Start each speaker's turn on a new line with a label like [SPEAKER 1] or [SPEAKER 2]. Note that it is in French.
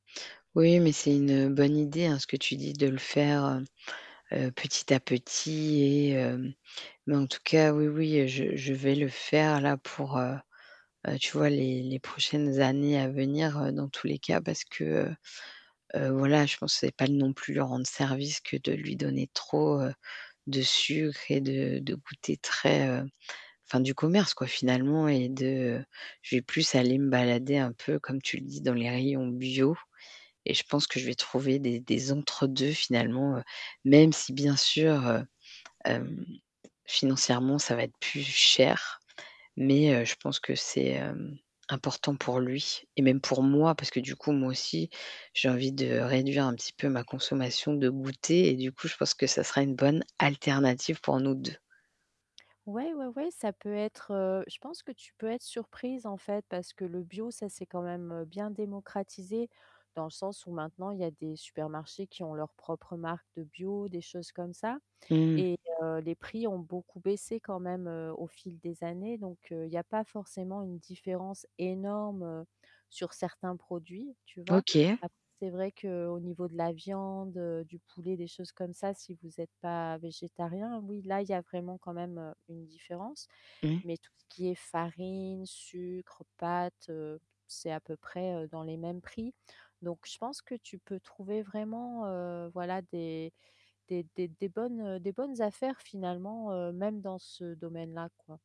[SPEAKER 1] Oui, mais c'est une bonne idée, hein, ce que tu dis, de le faire, heu, petit à petit et, heu mais en tout cas, oui oui, je je vais le faire là, pour, heu, heu, tu vois, les les prochaines années à venir, heu, dans tous les cas, parce que, heu, heu, voilà, je pense c'est pas non plus leur rendre service que de lui donner trop, heu, de sucre et de de goûters très, heu, enfin du commerce, quoi, finalement et de je vais plus aller me balader, un peu, comme tu le dis, dans les rayons bio et je pense que je vais trouver des des entre 2 finalement, heu, même, si bien sûr, heu, hem, financièrement, ça va être plus cher. Mais, heu, je pense que c'est, hem, important pour lui et même pour moi, parce que du coup, moi aussi, j'ai envie de réduire un petit peu ma consommation de goûters et du coup, je pense que ça sera une bonne alternative pour nous 2.
[SPEAKER 2] Ouais, ouais, ouais, ça peut être, heu, je pense que tu peux être surprise en fait, parce que le bio, ça s'est quand même, heu, bien démocratisé, dans le sens où maintenant, il y a des supermarchés qui ont leur propre marque de bio, des choses comme ça
[SPEAKER 1] Mmh.
[SPEAKER 2] et heu, les prix ont beaucoup baissé quand même, heu, au fil des années. Donc, heu, il y a pas forcément une différence énorme, heu, sur certains produits, tu vois,
[SPEAKER 1] OK.
[SPEAKER 2] après, c'est vrai qu'au niveau de la viande, heu, du poulet, des choses comme ça, si vous êtes pas végétariens, oui, là, il y a vraiment quand même, heu, une différence
[SPEAKER 1] Mmh.
[SPEAKER 2] mais, tout ce qui est farine, sucre, pâtes, heu, c'est à peu près, heu, dans les mêmes prix. Donc, je pense que tu peux trouver vraiment, heu, voilà, des des des des bonnes, heu, des bonnes affaires finalement, heu, même dans ce domaine-là, quoi.